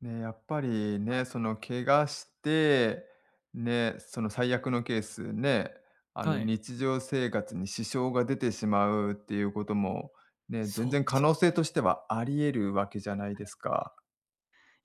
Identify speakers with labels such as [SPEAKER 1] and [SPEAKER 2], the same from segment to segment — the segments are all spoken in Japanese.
[SPEAKER 1] ね、やっぱり
[SPEAKER 2] はい。
[SPEAKER 1] ね、その怪我して、ね、その最悪のケースね、あ
[SPEAKER 2] は
[SPEAKER 1] の
[SPEAKER 2] い、ん。
[SPEAKER 1] 日常生活に支障が出てしまうっていうこともね、
[SPEAKER 2] そ
[SPEAKER 1] 全
[SPEAKER 2] うで
[SPEAKER 1] 然可
[SPEAKER 2] す
[SPEAKER 1] 能性
[SPEAKER 2] よね。
[SPEAKER 1] としてはあり得るわけじゃない
[SPEAKER 2] はい
[SPEAKER 1] で
[SPEAKER 2] は
[SPEAKER 1] す
[SPEAKER 2] い。
[SPEAKER 1] か。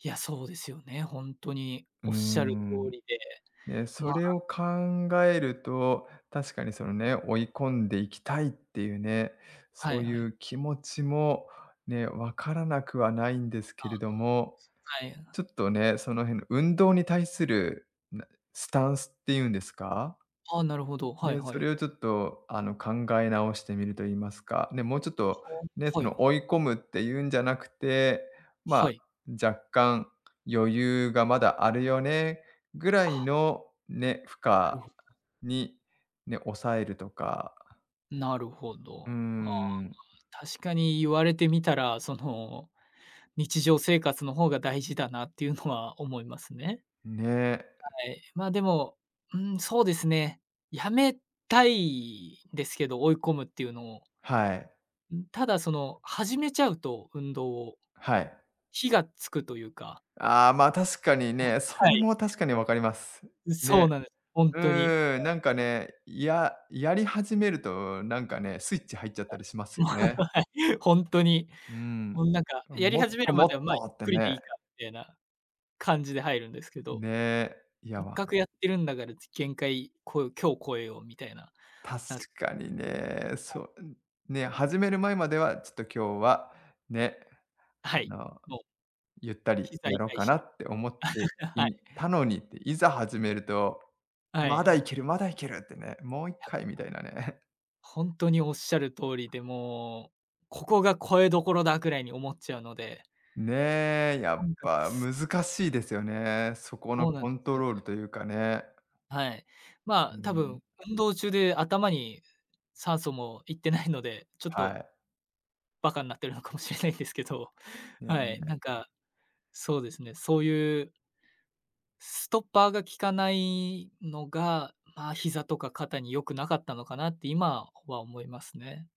[SPEAKER 2] いや、そうですよね、ほんとに
[SPEAKER 1] うー
[SPEAKER 2] おっしゃる通
[SPEAKER 1] ん。
[SPEAKER 2] りで、
[SPEAKER 1] ね、
[SPEAKER 2] ま
[SPEAKER 1] それ
[SPEAKER 2] あ
[SPEAKER 1] を考えると確かにそのね、追い込んでいきたいっていうね、
[SPEAKER 2] は
[SPEAKER 1] そ
[SPEAKER 2] い
[SPEAKER 1] うい
[SPEAKER 2] はい。
[SPEAKER 1] う気持ちも、ね、わからなくはないんです
[SPEAKER 2] あ
[SPEAKER 1] け
[SPEAKER 2] あ、
[SPEAKER 1] れども、
[SPEAKER 2] すかえん。
[SPEAKER 1] ちょっとね、その辺の運動に対する、なスタンスっていうんですか
[SPEAKER 2] あ、なるほど、はい
[SPEAKER 1] で、
[SPEAKER 2] は
[SPEAKER 1] そ
[SPEAKER 2] い。
[SPEAKER 1] れをちょっとあの考え直してみると言いますか、ね、もうちょっと
[SPEAKER 2] そ
[SPEAKER 1] ね、
[SPEAKER 2] う、
[SPEAKER 1] そ
[SPEAKER 2] はい。
[SPEAKER 1] の 追い込むっていうんじゃなくて、まあ、
[SPEAKER 2] はい。
[SPEAKER 1] 若干余裕がまだあるよねぐら
[SPEAKER 2] あ
[SPEAKER 1] い
[SPEAKER 2] あ。
[SPEAKER 1] のね、負
[SPEAKER 2] な
[SPEAKER 1] 荷
[SPEAKER 2] るほ
[SPEAKER 1] にね、抑えるとか
[SPEAKER 2] なるほ
[SPEAKER 1] うー
[SPEAKER 2] ど。ああ、
[SPEAKER 1] ん。
[SPEAKER 2] 確かに言われてみたら、その、日常生活の方が大事だなっていうのは思いますね。
[SPEAKER 1] ん、ね。
[SPEAKER 2] はい、まあ、でも、うん、そうですね、やめたいですけど、追い込むっていうのを
[SPEAKER 1] はい。
[SPEAKER 2] ん、ただその始めちゃうと運動を、
[SPEAKER 1] はい。
[SPEAKER 2] 火がつくというか
[SPEAKER 1] ああ、まあ確かに
[SPEAKER 2] お、
[SPEAKER 1] ね、そ
[SPEAKER 2] は
[SPEAKER 1] れ
[SPEAKER 2] い。
[SPEAKER 1] も確かにわかります。
[SPEAKER 2] う
[SPEAKER 1] ね。
[SPEAKER 2] そうなんです、ほん
[SPEAKER 1] う
[SPEAKER 2] とに、。
[SPEAKER 1] ーん、なんかね、ややり始めるとなんかね、スイッチ入っちゃった
[SPEAKER 2] あ。
[SPEAKER 1] りしますよね。
[SPEAKER 2] ほんとに、
[SPEAKER 1] うーん。
[SPEAKER 2] もうなんか、
[SPEAKER 1] 多
[SPEAKER 2] や
[SPEAKER 1] 分
[SPEAKER 2] り
[SPEAKER 1] もっ
[SPEAKER 2] 始め
[SPEAKER 1] と
[SPEAKER 2] るま
[SPEAKER 1] もっ
[SPEAKER 2] では、ま、
[SPEAKER 1] と
[SPEAKER 2] ゆ
[SPEAKER 1] っ
[SPEAKER 2] っ
[SPEAKER 1] て
[SPEAKER 2] くりで
[SPEAKER 1] ね。
[SPEAKER 2] いいかみたいな感じで入るんですけど。
[SPEAKER 1] ね、いや
[SPEAKER 2] えっ
[SPEAKER 1] わ
[SPEAKER 2] かくやってるんだからち限界超え今日越えようみたいな、
[SPEAKER 1] 確
[SPEAKER 2] なっちゃっ
[SPEAKER 1] かに
[SPEAKER 2] て、
[SPEAKER 1] ね、
[SPEAKER 2] はい。
[SPEAKER 1] そう、うん。ね、始める前まではちょっと今日は、ね、
[SPEAKER 2] あ、
[SPEAKER 1] あ
[SPEAKER 2] はい、
[SPEAKER 1] の、
[SPEAKER 2] もう。
[SPEAKER 1] ゆったり
[SPEAKER 2] 膝痛
[SPEAKER 1] やろ
[SPEAKER 2] い
[SPEAKER 1] か
[SPEAKER 2] し。
[SPEAKER 1] なって思って
[SPEAKER 2] はい。
[SPEAKER 1] いたのにって、いざ始めると、
[SPEAKER 2] はい
[SPEAKER 1] 「ま
[SPEAKER 2] は
[SPEAKER 1] だい
[SPEAKER 2] い。
[SPEAKER 1] けるまだいける」ってね、「もういっ
[SPEAKER 2] や
[SPEAKER 1] かい」みたいなね。
[SPEAKER 2] ほんとにおっしゃる通りで、もう、ここが超えどころだくらいに思っちゃうので。
[SPEAKER 1] ねえ、や
[SPEAKER 2] な
[SPEAKER 1] っ
[SPEAKER 2] んか、
[SPEAKER 1] ぱ難
[SPEAKER 2] すす
[SPEAKER 1] しいですよね。そこの
[SPEAKER 2] そうなん
[SPEAKER 1] コン
[SPEAKER 2] す
[SPEAKER 1] ト
[SPEAKER 2] よ
[SPEAKER 1] ロー
[SPEAKER 2] ね。
[SPEAKER 1] ルというかね。
[SPEAKER 2] はい。ま
[SPEAKER 1] うー
[SPEAKER 2] あ、多
[SPEAKER 1] ん。
[SPEAKER 2] 分運動中で頭に酸素もいってないので、ちょっ
[SPEAKER 1] は
[SPEAKER 2] と
[SPEAKER 1] い。
[SPEAKER 2] バカんなってるのかもしれないですけど、
[SPEAKER 1] いえい
[SPEAKER 2] はい、なん
[SPEAKER 1] え。
[SPEAKER 2] かそうですね、そういうストッパーが効かないのが、まあ、膝とか肩に良くなかったのかなって今はほは思いますね。